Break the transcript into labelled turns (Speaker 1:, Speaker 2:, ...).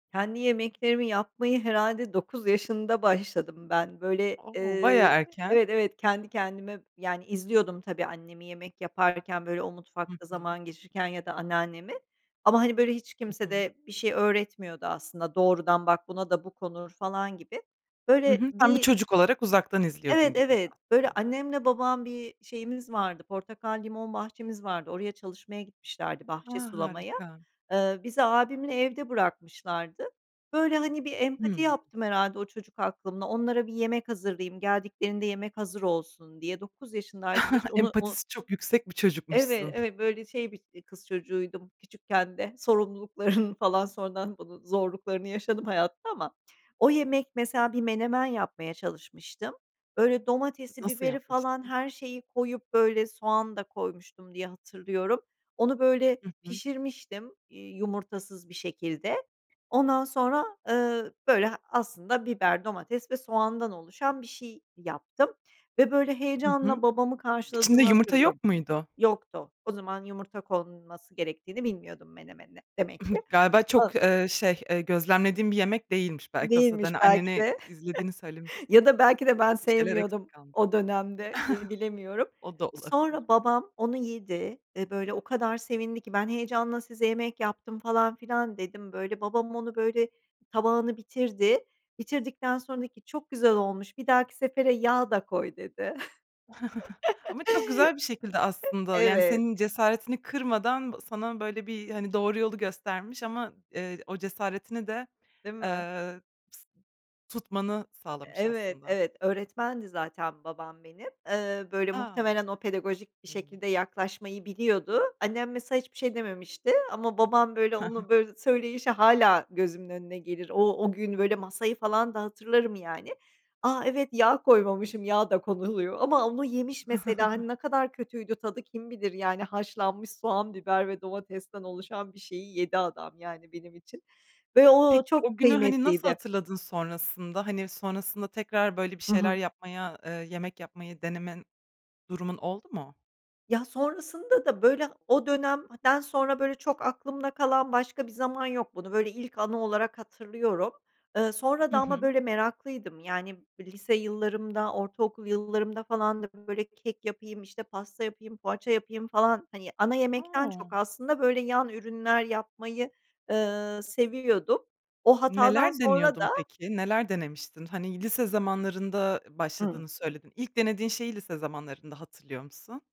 Speaker 1: Kendi yemeklerimi yapmayı herhâlde 9 yaşında başladım ben. Böyle,
Speaker 2: O!
Speaker 1: eee
Speaker 2: Bayağı erken.
Speaker 1: Evet, evet, kendi kendime, yani, izliyordum tabii, annemi yemek yaparken, böyle, o
Speaker 2: Hı
Speaker 1: mutfakta
Speaker 2: hı.
Speaker 1: zaman geçirirken ya da anneannemi. Ama, hani, böyle, hiç
Speaker 2: Hı
Speaker 1: kimse
Speaker 2: hı.
Speaker 1: de bir şey öğretmiyordu aslında, doğrudan bak buna da bu konur falan gibi.
Speaker 2: Hı
Speaker 1: Böyle
Speaker 2: hı, sen bir
Speaker 1: bir
Speaker 2: çocuk olarak uzaktan
Speaker 1: Evet,
Speaker 2: izliyordun gibiydi,
Speaker 1: evet. Böyle,
Speaker 2: aslında.
Speaker 1: annemle babam bir şeyimiz vardı, portakal, limon bahçemiz vardı. Oraya çalışmaya gitmişlerdi, bahçe
Speaker 2: A!
Speaker 1: sulamaya.
Speaker 2: Harika.
Speaker 1: Eee, bizi abimle evde bırakmışlardı. Böyle, hani, bir empati
Speaker 2: Hımm.
Speaker 1: yaptım herhâlde o çocuk aklımla. Onlara bir yemek hazırlayayım, geldiklerinde yemek hazır olsun diye. 9 yaşındaydım hiç onu u
Speaker 2: Empatisi çok yüksek bir
Speaker 1: Evet,
Speaker 2: çocukmuşsun.
Speaker 1: evet, böyle, şey, bir i kız çocuğuydum küçükken de. Sorumluluklarını falan sonradan bunun zorluklarını yaşadım hayatta ama o yemek, mesela, bir menemen yapmaya çalışmıştım. Böyle, domatesi,
Speaker 2: Nasıl
Speaker 1: biberi falan,
Speaker 2: yapmıştın?
Speaker 1: her şeyi koyup, böyle, soğan da koymuştum diye hatırlıyorum. Onu, böyle,
Speaker 2: Hı hı.
Speaker 1: pişirmiştim, iii, yumurtasız bir şekilde. Ondan sonra, eee, böyle, aslında, biber, domates ve soğandan oluşan bir şey yaptım ve, böyle,
Speaker 2: Hı
Speaker 1: heyecanla
Speaker 2: hı.
Speaker 1: babamı
Speaker 2: İçinde
Speaker 1: karşıladığımı
Speaker 2: yumurta
Speaker 1: hatırlıyorum.
Speaker 2: yok muydu?
Speaker 1: Yoktu. O zaman yumurta konulması gerektiğini bilmiyordum menemene demek ki.
Speaker 2: Galiba çok,
Speaker 1: [unintelligible]
Speaker 2: eee, şey, eee, gözlemlediğin bir yemek değilmiş. Belki o sırada,
Speaker 1: Değilmiş
Speaker 2: hani,
Speaker 1: belki
Speaker 2: anneni
Speaker 1: de
Speaker 2: izlediğini
Speaker 1: ya
Speaker 2: söylemiştin.
Speaker 1: da belki de ben
Speaker 2: Bir şeyler eksik
Speaker 1: sevmiyordum
Speaker 2: kalmış.
Speaker 1: o dönemde, bil bilemiyorum.
Speaker 2: O da olabilir.
Speaker 1: Sonra babam onu yedi ve, böyle, o kadar sevindi ki ben heyecanla size yemek yaptım falan filan dedim, böyle. Babam onu, böyle tabağını bitirdi. Bitirdikten sonra dedi ki çok güzel olmuş, bir dahaki sefere yağ da koy, dedi.
Speaker 2: Ama çok güzel bir şekilde, aslında, yani,
Speaker 1: Evet.
Speaker 2: senin cesaretini kırmadan sana, böyle bir, hani, doğru yolu göstermiş ama, eee, o cesaretini de,
Speaker 1: Değil mi?
Speaker 2: eee, tutmanı sağlamış
Speaker 1: Evet,
Speaker 2: aslında.
Speaker 1: evet, öğretmendi zaten babam benim. Eee, böyle,
Speaker 2: A!
Speaker 1: muhtemelen o pedagojik bir
Speaker 2: [unintelligible]
Speaker 1: şekilde yaklaşmayı biliyordu. Annem, mesela, hiçbir şey dememişti ama babam, böyle, onu, böyle, söyleyişi hâlâ gözümün önüne gelir. O o gün, böyle, masayı falan da hatırlarım, yani. A, evet, yağ koymamışım, yağ da konuluyor ama onu yemiş, mesela, hani, ne kadar kötüydü tadı kim bilir, yani, haşlanmış soğan, biber ve domatesten oluşan bir şeyi yedi adam, yani, benim için ve o o
Speaker 2: Peki,
Speaker 1: çok
Speaker 2: günü, hani, nasıl
Speaker 1: kıymetliydi.
Speaker 2: hatırladın sonrasında? Hani, sonrasında tekrar böyle bir
Speaker 1: Hı
Speaker 2: şeyler
Speaker 1: hı.
Speaker 2: yapmaya, eee, yemek yapmayı denemen durumun oldu mu?
Speaker 1: Ya, sonrasında da, böyle, o dönemden sonra, böyle, çok aklımda kalan başka bir zaman yok bunu. Böyle, ilk anı olarak hatırlıyorum. Eee, sonra da
Speaker 2: Hı
Speaker 1: ama,
Speaker 2: hı.
Speaker 1: böyle, meraklıydım. Yani, b lise yıllarımda, ortaokul yıllarımda falan da, böyle, kek yapayım, işte, pasta yapayım, poğaça yapayım, falan. Hani, ana yemekten
Speaker 2: O!
Speaker 1: çok aslında, böyle, yan ürünler yapmayı, eee, seviyordum. O hatadan
Speaker 2: Neler
Speaker 1: sonra
Speaker 2: deniyordun
Speaker 1: da
Speaker 2: peki? Neler denemiştin? Hani, lise zamanlarında, ııı,
Speaker 1: Hıı.
Speaker 2: başladığını söyledin. İlk denediğin şeyi, lise zamanlarında hatırlıyor musun?